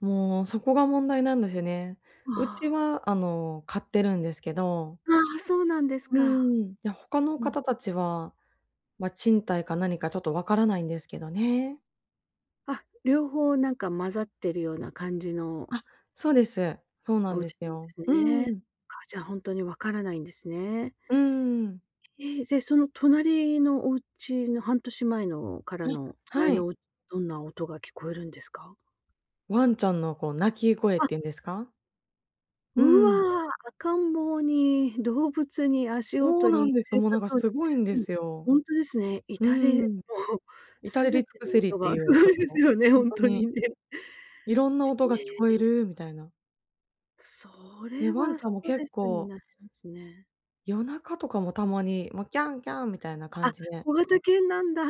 もうそこが問題なんですよね。うあちあ。はあの買ってるんですけど。ああ、そうなんですうーか。ん。いや、他のうん。方たちは、ま、賃貸か何かちょっとわからないんですけどね。あ、両方なんか混ざってるような感じのあ、そうです。そうなおんで家すなんでよ。すうね。そん。っか、じゃあ本当に分からないんですね。うん。ええ。ぜ、その隣のお家の半年前のからえ、のは隣い。のどんな音が聞こえるんですか？ワンちゃんのこう鳴き声っあ。ていうんですか？ううん。わ、赤ん坊に、動物に、足そう音なんに、です。生もうなん活か音。すごいんでうん。すよ。ほんとですね。う至れもん。う、至れり全尽てくのせりっ音てがいうすご音いですの、よね、ほほんんととに。にね。色んな音えが聞こええ。るみたいな。そで、れわんはちスゃんもトレ結スに構なりますね。夜中とかもたまに、もう、キャンキャンみたいな感あ、じで。小型犬なんだ。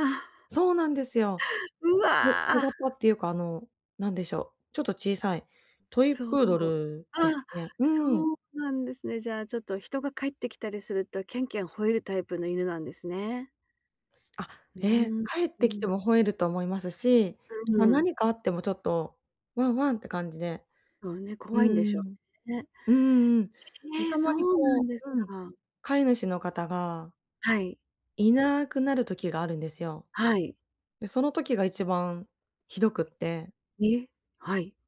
そうなんですよ。うこわ。小型っていうかあの何でしょう、ちょっと小さい、トイそプう。ードルですあ、ね。うそん。うなんですね。じゃあちょっと人が帰ってきたりすると、キャンキャン吠えるタイプの犬なんですね。あ、うええ。ん、帰っうてきてん。も吠えると思いますし、うま、んうん。何かあってもちょっとワンワンって感じで。もうね、う怖いんでしょん。うね。うんうん。で、へえ、たまそにうなこんですううん。か。飼い主の方がはい。いなくなる時があるんですよ。はい。で、その時が一番ひどくって。え、はい。